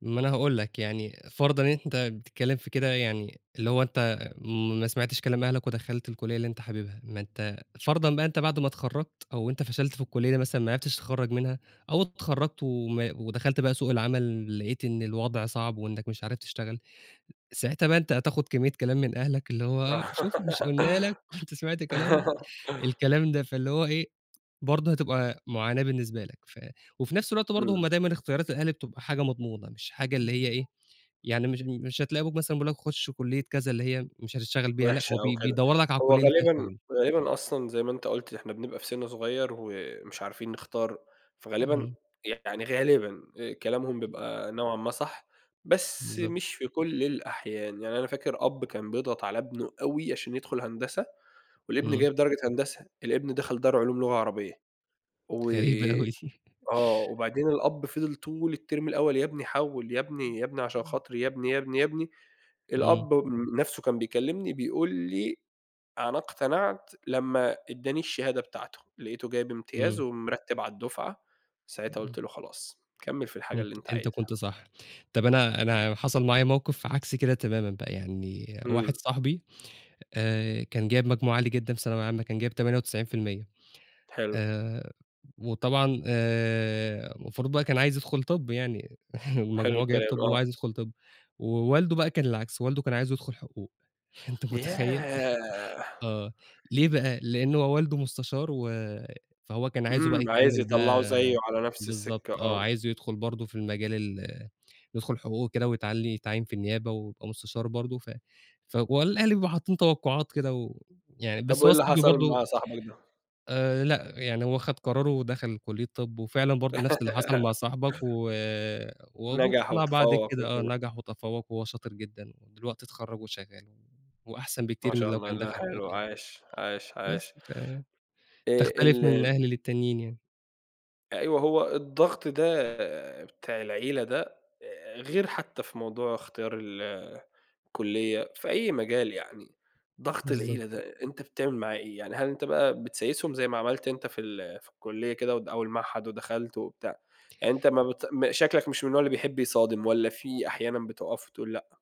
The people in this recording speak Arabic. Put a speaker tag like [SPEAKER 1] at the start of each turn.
[SPEAKER 1] ما أنا هاقُول لك يعني فرضًا إن أنت بتتكلّم في كده يعني اللي هو أنت ما سمعتش كلام أهلك ودخلت الكُلية اللي أنت حاببها، ما أنت فرضًا بقى أنت بعد ما اتخرّجت أو أنت فشلت في الكلية مثلًا ما عرفتش تتخرّج منها، أو اتخرّجت وما ودخلت بقى سوق العمل لقيت إن الوضع صعب وإنك مش عارف تشتغل، ساعتها بقى أنت هتاخد كمية كلام من أهلك اللي هو شوف مش قُلنا لك، كُنت سمعت كلامنا، الكلام ده فاللي هو إيه، برضه هتبقى معاناة بالنسبة لك. ف وفي نفس الوقت برضه
[SPEAKER 2] إمم.
[SPEAKER 1] هم دايمًا إختيارات الأهالي بتبقى حاجة مضمونة مش حاجة اللي هي إيه، يعني مش بي مش هتلاقوا أبوك مثلًا بيقُول لك خُشّ كلية كذا اللي هي مش هتشتغل بيها لأ،
[SPEAKER 2] وحشة
[SPEAKER 1] هو
[SPEAKER 2] أوي
[SPEAKER 1] بي
[SPEAKER 2] كده،
[SPEAKER 1] بيدوّر لك على
[SPEAKER 2] هو
[SPEAKER 1] الكلية اللي فيها
[SPEAKER 2] غالبًا
[SPEAKER 1] شغل.
[SPEAKER 2] غالبًا أصلًا زي ما أنت قُلت إحنا بنبقى في سِنّ صغيّر ومش عارفين نختار، فغالبًا
[SPEAKER 1] اهم.
[SPEAKER 2] يعني غالبًا آآ، كلامهم
[SPEAKER 1] [unintelligible]
[SPEAKER 2] بيبقى نوعًا ما صح، بس
[SPEAKER 1] بالضبط.
[SPEAKER 2] مش في كل الأحيان، يعني أنا فاكر أب كان بيضغط على ابنه أوي عشان يدخل هندسة والابن
[SPEAKER 1] إمم.
[SPEAKER 2] جايب درجة هندسة، الابن دخل دار علوم لغة عربية، و
[SPEAKER 1] غريبة أوي دي.
[SPEAKER 2] آه، وبعدين الأب فضل طول التِرم الأول "يا ابني حوّل يا
[SPEAKER 1] إمم،
[SPEAKER 2] ابني، يا ابني عشان
[SPEAKER 1] إمم.
[SPEAKER 2] خاطري يا ابني، يا ابني، يا ابني."
[SPEAKER 1] إمم.
[SPEAKER 2] الأب نَفْسه كان بيكلمني بيقُول لي: "أنا اقتنعت لمّا إدّاني الشهادة بتاعتُه، لقيتُه جايب امتياز،
[SPEAKER 1] إمم.
[SPEAKER 2] ومرتِّب على الدُفعة، ساعتها
[SPEAKER 1] إمم.
[SPEAKER 2] قُلت له: 'خلاص كمّل في الحاجة
[SPEAKER 1] أنت
[SPEAKER 2] اللي أنت
[SPEAKER 1] أنت
[SPEAKER 2] عايزها.'"
[SPEAKER 1] كنت صح، طَب أنا أنا حصل معايا موقِف عكس كده تمامًا بقى يعني، واحد
[SPEAKER 2] إمم.
[SPEAKER 1] صاحبي آآ، كان جايب مجموع عالي جدًا في ثانوية عامةً كان جايب 98%
[SPEAKER 2] حلو.
[SPEAKER 1] آآ، وطبعًا آآ، المفروض بقى كان عايز يدخل طِب يعني،
[SPEAKER 2] حلو
[SPEAKER 1] المجموع جايب
[SPEAKER 2] الكلام،
[SPEAKER 1] طِب وهو
[SPEAKER 2] آه.
[SPEAKER 1] عايز يدخل طِب، ووالده بقى كان العكس، والده كان عايزه يدخل حقوق، أنت متخيّل!
[SPEAKER 2] ياه!
[SPEAKER 1] آه، ليه بقى لأن هو والده مستشار، و فهو كان عايزُه بقى
[SPEAKER 2] إمم، عايز
[SPEAKER 1] يكمّل
[SPEAKER 2] يطلّعه
[SPEAKER 1] بقى
[SPEAKER 2] زيّه، على نفس السِكّة،
[SPEAKER 1] بالضبط آه،
[SPEAKER 2] آه.
[SPEAKER 1] عايزُه يدخل برضه في المجال ال يدخل حقوق وكده ويتعيّن- يتعيّن في النيابة ويبقى مستشار برضه، ف فهو الأهل بيبقوا حاطّين توقعات كده ويعني
[SPEAKER 2] طَب
[SPEAKER 1] بس
[SPEAKER 2] وإيه
[SPEAKER 1] هو
[SPEAKER 2] اللي
[SPEAKER 1] صاحبي
[SPEAKER 2] حصل
[SPEAKER 1] برضه
[SPEAKER 2] مع صاحبك ده؟
[SPEAKER 1] آآ، لأ يعني هو خد قرارُه ودخل كُلية طِب وفعلًا برضه نفس اللي حصل مع صاحبك، و وأبوه
[SPEAKER 2] نجح
[SPEAKER 1] اقتنع بعد
[SPEAKER 2] وتفوّق
[SPEAKER 1] كده، آه،
[SPEAKER 2] وكده.
[SPEAKER 1] نجح وتفوّق وهو شاطر جدًا ودلوقتي اتخرّج وشغّال، وأحسن
[SPEAKER 2] ما
[SPEAKER 1] بكتير من
[SPEAKER 2] شاء
[SPEAKER 1] لو
[SPEAKER 2] الله،
[SPEAKER 1] كان
[SPEAKER 2] لأ
[SPEAKER 1] دخل حقوق
[SPEAKER 2] حلو،
[SPEAKER 1] يعني،
[SPEAKER 2] عاش، عاش،
[SPEAKER 1] بس،
[SPEAKER 2] عاش.
[SPEAKER 1] ف
[SPEAKER 2] آآ، ال
[SPEAKER 1] تختلف من أهل للتانيين يعني.
[SPEAKER 2] أيوه، هو الضغط ده بتاع العيلة ده، آآ، غير حتى في موضوع اختيار ال الكُلّية في أي مجال يعني، ضغط
[SPEAKER 1] بالضبط.
[SPEAKER 2] العيلة ده، أنت بتعمل معاه إيه؟ يعني هل أنت بقى بتسايسهم زي ما عملت أنت في ال في الكُلّية كده أو الد أو المعهد، ودخلت وبتاع، يعني أنت ما بت م شكلك مش من النوع اللي بيحب يصادم، والَّا في أحيانًا بتقف وتقول لأ؟